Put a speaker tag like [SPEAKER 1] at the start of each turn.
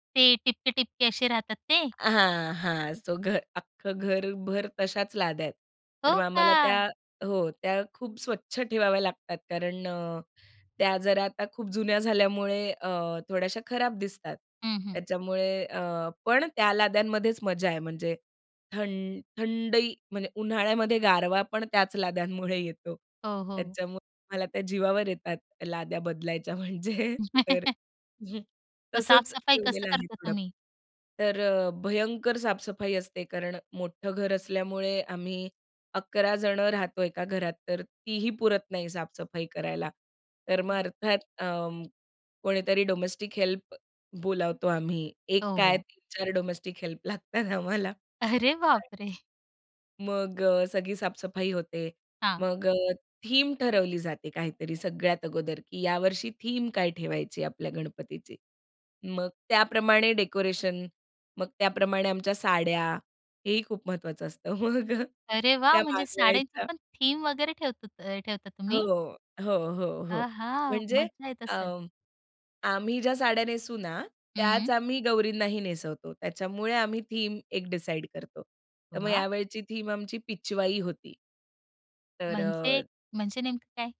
[SPEAKER 1] ते ठिपके-ठिपके असे राहतात ते?
[SPEAKER 2] हां, हां. सो घर, अख्खं घरभर तशाच लाद्या आहेत. तर
[SPEAKER 1] हो
[SPEAKER 2] मग आम्हाला त्या
[SPEAKER 1] का?
[SPEAKER 2] हो, त्या खूप स्वच्छ ठेवाव्या लागतात. कारण अ, त्या जरा आता खूप जुन्या झाल्यामुळे अ, थोड्याशा खराब दिसतात.
[SPEAKER 1] हं, हं.
[SPEAKER 2] त्याच्यामुळे अ, पण त्या लाद्यांमध्येच मजा आहे; म्हणजे थंड थंडही म्हणजे उन्हाळ्यामध्ये गारवा पण त्याच लाद्यांमुळे येतो.
[SPEAKER 1] हो, हो.
[SPEAKER 2] त्याच्यामुळे मला त्या जीवावर येतात लाद्या बदलायच्या म्हणजे तर
[SPEAKER 1] मग
[SPEAKER 2] तसंच
[SPEAKER 1] साफ-सफाई
[SPEAKER 2] ठेवलेलं
[SPEAKER 1] कसं
[SPEAKER 2] आहे
[SPEAKER 1] करता
[SPEAKER 2] थोडं.
[SPEAKER 1] तुम्ही?
[SPEAKER 2] तर अ, भयंकर साफ-सफाई असते. कारण मोठं घर असल्यामुळे आम्ही अकरा जणं राहतो एका घरात. तर तीही पुरत नाही साफ-सफाई करायला. तर मग
[SPEAKER 1] हं.
[SPEAKER 2] अर्थात अ, कोणीतरी डोमेस्टिक हेल्प बोलावतो आम्ही. एक
[SPEAKER 1] हो,
[SPEAKER 2] काय
[SPEAKER 1] हो.
[SPEAKER 2] 3-4 डोमेस्टिक हेल्प लागतात आम्हाला.,
[SPEAKER 1] अरे बाप
[SPEAKER 2] [unintelligible]
[SPEAKER 1] रे!
[SPEAKER 2] मग अ, सगळी साफ-सफाई होते.
[SPEAKER 1] हां.
[SPEAKER 2] मग अ, थीम ठरवली जाते काहीतरी सगळ्यात अगोदर, की यावर्षी थीम काय ठेवायची आपल्या गणपतीची. मग त्याप्रमाणे डेकोरेशन, मग त्याप्रमाणे आमच्या साड्या हेही खूप महत्वाचं असतं. मग
[SPEAKER 1] अरे वा!
[SPEAKER 2] त्या
[SPEAKER 1] म्हणजे साड्यांची
[SPEAKER 2] मागवायच्या.
[SPEAKER 1] पण थीम वगैरे ठेवत ठेवतात अ, ठेवता
[SPEAKER 2] हो.
[SPEAKER 1] तुम्ही?
[SPEAKER 2] हो, हो, हो.
[SPEAKER 1] आहा!
[SPEAKER 2] म्हणजे
[SPEAKER 1] मज्जा येत
[SPEAKER 2] अ,
[SPEAKER 1] असेल.
[SPEAKER 2] आम्ही ज्या साड्या नेसू ना त्याच
[SPEAKER 1] हं.
[SPEAKER 2] आम्ही गौरींनाही नेसवतो. त्याच्यामुळे आम्ही थीम एक डिसाईड करतो. तर मग
[SPEAKER 1] वा!
[SPEAKER 2] यावेळची थीम आमची पिचवाई होती. तर
[SPEAKER 1] म्हणजे
[SPEAKER 2] अ
[SPEAKER 1] म्हणजे नेमकं काय?